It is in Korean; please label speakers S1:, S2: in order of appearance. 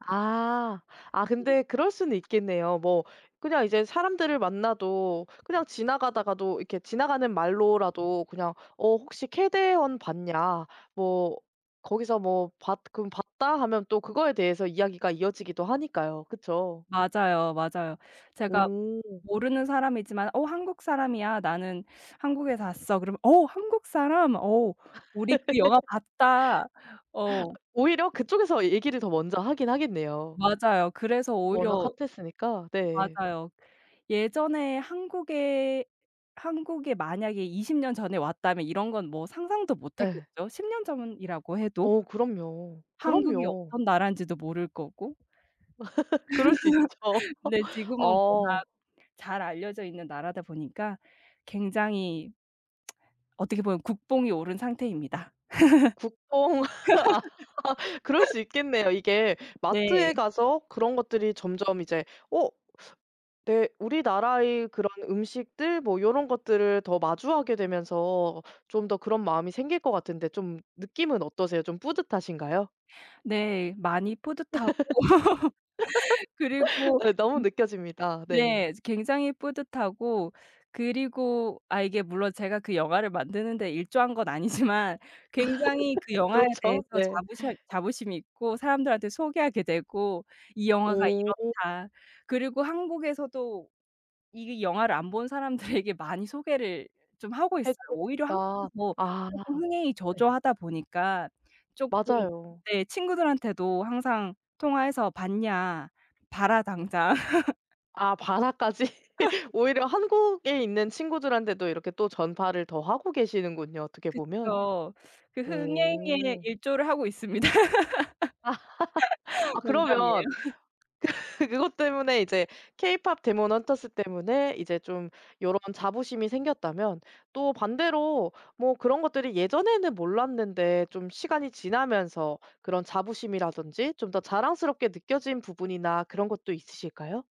S1: 아. 아
S2: 네.
S1: 근데 그럴 수는 있겠네요. 뭐 그냥 이제 사람들을 만나도 그냥 지나가다가도 이렇게 지나가는 말로라도 그냥 "어 혹시 케데헌 봤냐?" 뭐 거기서 뭐 봤 금 "봤다." 하면 또 그거에 대해서 이야기가 이어지기도 하니까요. 그쵸?
S2: 맞아요, 맞아요. 제가
S1: 음.
S2: 모르는 사람이지만 "어 한국 사람이야. 나는 한국에서 왔어." 그러면 "어 한국 사람? 어 우리 그 영화 봤다." 어.
S1: 오히려 그쪽에서 얘 얘기를 더 먼저 하긴 하겠네요.
S2: 맞아요. 그래서
S1: 워낙
S2: 오히려
S1: 핫했으니까. 네.
S2: 맞아요. 예전에 한국에 한국에 만약에 20 년 전에 왔다면 이런 건 뭐 상상도
S1: 예.
S2: 못했겠죠, 10 년 전이라고 해도.
S1: 어 그럼요.
S2: 한국이
S1: 그럼요.
S2: 어떤 나라인지도 모를 거고.
S1: 그럴 수 있죠.
S2: 근데 지금은 워낙
S1: 어.
S2: 잘 알려져 있는 나라다 보니까 굉장히 어떻게 보면 국뽕이 오른 상태입니다.
S1: 국뽕 아 그럴 수 있겠네요. 이게 마트에
S2: 네.
S1: 가서 그런 것들이 점점 이제 어 내 우리나라의 그런 음식들 뭐 요런 것들을 더 마주하게 되면서 좀 더 그런 마음이 생길 것 같은데 좀 느낌은 어떠세요? 좀 뿌듯하신가요?
S2: 네. 많이 뿌듯하고 그리고
S1: 예. 너무
S2: 음
S1: 느껴집니다. 네.
S2: 네. 즈 굉장히 뿌듯하고 그리고 아 이게 물론 제가 그 영화를 만드는 데 일조한 건 아니지만 굉장히 그 영화에
S1: 그렇죠.
S2: 대해서
S1: 네.
S2: 자부셔 자부심이 있고 사람들한테 소개하게 되고 "이 영화가
S1: 오.
S2: 이렇다." 그리고 한국에서도 이 영화를 안 본 사람들에게 많이 소개를 좀 하고 있어요.
S1: "해주고
S2: 오히려 한국이
S1: 싶다."
S2: 더
S1: 아
S2: 쪼끔 흥행이
S1: 네.
S2: 저조하다 보니까 쪼끔
S1: 맞아요.
S2: 네 친구들한테도 항상 통화해서 "봤냐? 봐라 당장."
S1: 아 "봐라."까지? 오히려 한국에 있는 친구들한테도 이렇게 또 전파를 더 하고 계시는군요 어떻게 보면.
S2: 그쵸. 그 흥행에
S1: 오.
S2: 일조를 하고 있습니다.
S1: 아 아 그러면
S2: 농담이에요.
S1: 그 그것 때문에, 이제 케이팝 데몬 헌터스 때문에 이제 좀 요런 자부심이 생겼다면 또 반대로 뭐 그런 것들이 예전에는 몰랐는데 좀 시간이 지나면서 그런 자부심이라든지 좀 더 자랑스럽게 느껴진 부분이나 그런 것도 있으실까요?